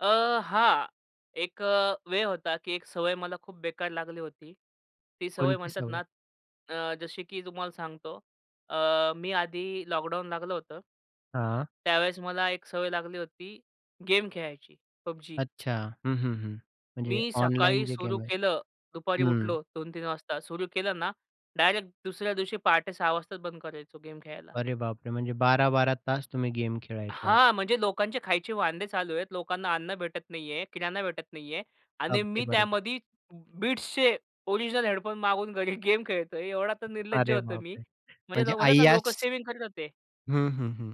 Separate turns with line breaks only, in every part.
अ, हां. एक अ, वेळ होता, की एक सवय मला खूप बेकार लागली होती. ती सवय
कोणती
म्हणतात
सवय?
ना अ, जशी की तुम्हाला सांगतो. अ, मी आधी लॉकडाऊन लागलं होतं
हां.
त्यावेळेस मला एक सवय लागली होती, गेम खेळायची. PUBG.
अच्छा. हं, हं, हं. म्हणजे
मी
ऑनलाईन
सकाळी
जे
सुरु
गेम आहेत.
केलं. दुपारी
हं.
उठलो 2-3 वाजता. सुरु केलं ना डायरेक्ट दुसऱ्या दिवशी पहाटे 06:00 वाजताच बंद करायचो गेम खेळायला.
अरे बापरे! म्हणजे 12-12 तास तुम्ही गेम खेळायचात.
हां. म्हणजे लोकांचे खायचे वांदे चालू आहेत. लोकांना अन्न भेटत नाहीये, किराणा भेटत नाहीये. आणि
अगदी
मी
बरोबर.
त्यामध्ये Beatsचे ओरिजिनल हेडफोन मागवून घरी गेम खेळतोय. एवढा तर निर्लज्ज
अरे
होतो मी.
बापरे!
म्हणजे
म्हणजे
न म्हणतात ना लोकं
अय्याश
सेव्हिंग करत होते.
हं, हं, हं.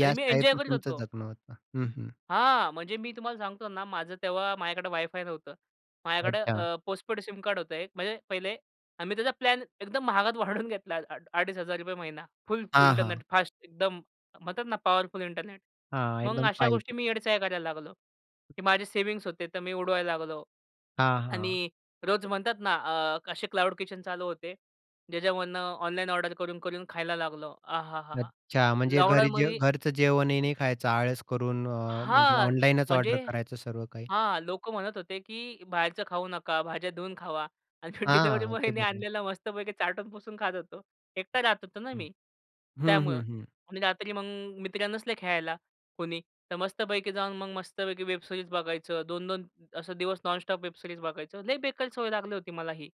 आणि मी
टाईप
एन्जॉय
मध्ये
करीत
तुमचं
होतो.
जगणं होतं. हं, हं.
हां. म्हणजे मी तुम्हाला सांगतो ना माझं तेव्हा माझ्याकडे वाय फाय नव्हतं. माझ्याकडे
अच्छा.
अ, पोस्टपेड सिम कार्ड होतं एक म्हणजे पहिले. आम्ही त्याचा प्लॅन एकदम महागात वाढवून घेतला. आड ₹2500 महिना फुल
हां,
इंटरनेट,
हां.
फास्ट एकदम म्हणतात ना पॉवरफुल इंटरनेट.
हां.
मग
एकदम
अशा
फाईव्ह
गोष्टी
जी
मी येडे चाळे करायला लागलो. की माझे सेव्हिंग्स होते. तर मी उडवायला लागलो.
हां, हां.
आणि रोज म्हणतात ना अ, असे क्लाउड किचन चालू होते. ज्याच्यामधनं ऑनलाईन ऑर्डर करून-करून खायला लागलो. आ हा, हा, हा!
अच्छा. म्हणजे घरी जे
लॉकडाउनमध्ये
घरचं जेवणही नाही खायचं. आळस करून अ, म्हणजे
हां.
ऑनलाईनच ऑर्डर
म्हणजे
करायचं सर्व काही.
हां, लोक म्हणत होते, की बाहेरचं खाऊ नका, भाज्या धुऊन खावा. आणि मी डिलिव्हरी
हां. अगदी
बॉयनी
बरोबर.
आणलेला मस्तपैकी चाटून-पुसून खात होतो. एकटा राहत होतो ना
हं,
मी, त्यामुळं.
हं, हं.
आणि रात्री मग मित्र नसले खेळायला कोणी तर मस्तपैकी जाऊन मग मस्तपैकी वेबसिरीज बघायचं 2-2 असं, दिवस नॉनस्टॉप वेबसिरीज बघायचो. लय बेकार सवय लागली होती, मला ही.